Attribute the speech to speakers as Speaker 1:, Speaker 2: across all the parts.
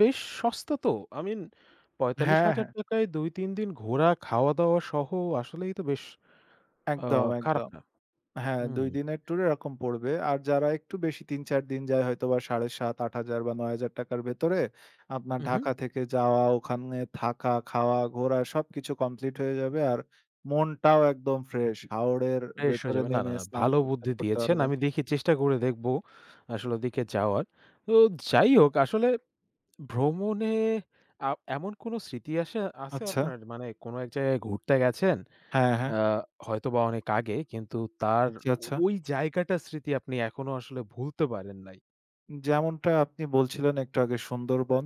Speaker 1: বেশ সস্তা তো I mean, পঁয়তাল্লিশ
Speaker 2: হ্যাঁ,
Speaker 1: হাজার
Speaker 2: হ্যাঁ।
Speaker 1: টাকা -য় ২-৩ দিন ঘোরা খাওয়া-দাওয়া সহ আসলেই তো বেশ আ
Speaker 2: একদম,
Speaker 1: খারাপ
Speaker 2: একদম।
Speaker 1: না।
Speaker 2: হ্যাঁ, ২
Speaker 1: হুম।
Speaker 2: দিনের ট্যুরে এরকম পড়বে। আর যারা একটু বেশি ৩-৪ দিন যায় হয়তো বা ৭,৫০০ ৮০০০ বা ৳৯,০০০ র ভেতরে আপনার
Speaker 1: উহু।
Speaker 2: ঢাকা থেকে যাওয়া ওখানে, থাকা, খাওয়া, ঘোরা সবকিছু কমপ্লিট হয়ে যাবে। আর মনটাও একদম ফ্রেশ। হাওরের
Speaker 1: ফ্রেশ হয়ে
Speaker 2: ভেতরে
Speaker 1: যাবে। না, না,
Speaker 2: নেমে
Speaker 1: না।
Speaker 2: স্নান
Speaker 1: ভালো
Speaker 2: করতে,
Speaker 1: বুদ্ধি
Speaker 2: করতে
Speaker 1: দিয়েছেন।
Speaker 2: পারবেন।
Speaker 1: আমি দেখি চেষ্টা করে দেখবো আসলে ওদিকে যাওয়ার। তো যাই হোক আসলে ভ্রমণে আ এমন কোন স্মৃতি আশে আসে আছে
Speaker 2: আচ্ছা।
Speaker 1: আপনার মানে কোন এক জায়গায় ঘুরতে গেছেন।
Speaker 2: হ্যাঁ, হ্যাঁ।
Speaker 1: আ হয়তোবা অনেক আগে কিন্তু তার
Speaker 2: আচ্ছা, আচ্ছা।
Speaker 1: ওই জায়গাটা স্মৃতি আপনি এখনো আসলে ভুলতে পারেন নাই।
Speaker 2: যেমনটা আপনি বলছিলেন একটু আগে সুন্দরবন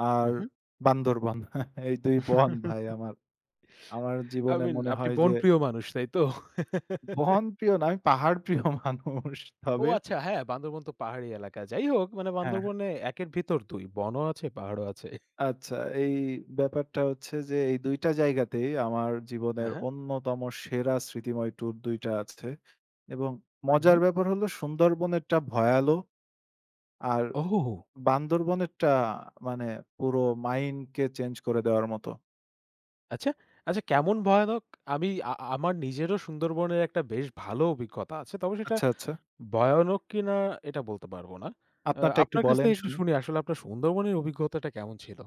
Speaker 2: আর
Speaker 1: উহু।
Speaker 2: বান্দরবন এই ২ বন ভাই আমার। আমার
Speaker 1: I
Speaker 2: জীবনে
Speaker 1: mean
Speaker 2: মনে
Speaker 1: আপনি
Speaker 2: হয় যে
Speaker 1: বন প্রিয় মানুষ, তাই তো?
Speaker 2: বনপ্রিয় না, আমি পাহাড়প্রিয় মানুষ,
Speaker 1: ও
Speaker 2: তবে
Speaker 1: আচ্ছা হ্যাঁ, বান্দরবন তো পাহাড়ি এলাকা। যাই হোক, মানে
Speaker 2: হ্যাঁ, হ্যাঁ।
Speaker 1: বান্দরবনে ১ এর ভিতর ২ বনও আছে, পাহাড়ও আছে।
Speaker 2: আচ্ছা এই ব্যাপারটা হচ্ছে যে, এই ২ টা জায়গাতেই আমার
Speaker 1: অ্যা
Speaker 2: জীবনের
Speaker 1: হ্যাঁ।
Speaker 2: অন্যতম সেরা স্মৃতিময় ট্যুর ২ টা আছে। এবং মজার
Speaker 1: উহু।
Speaker 2: ব্যাপার হল সুন্দরবনেরটা ভয়ালো। আর
Speaker 1: ওহ হো, হো।
Speaker 2: বান্দরবনেরটা মানে পুরো mind কে চেঞ্জ করে দেওয়ার মতো।
Speaker 1: আচ্ছা, আচ্ছা কেমন ভয়ানক আমি আ আমার নিজেরও সুন্দরবনের একটা বেশ ভালো অভিজ্ঞতা আছে তবে সেটা
Speaker 2: আচ্ছা, আচ্ছা।
Speaker 1: ভয়ানক কিনা এটা বলতে পারব না। অ্যা
Speaker 2: আপনারটা একটু
Speaker 1: আপনার কাছ
Speaker 2: বলেন
Speaker 1: থেকে একটু
Speaker 2: শুনি।
Speaker 1: শুনি আসলে আপনার সুন্দরবনের অভিজ্ঞতাটা কেমন ছিল?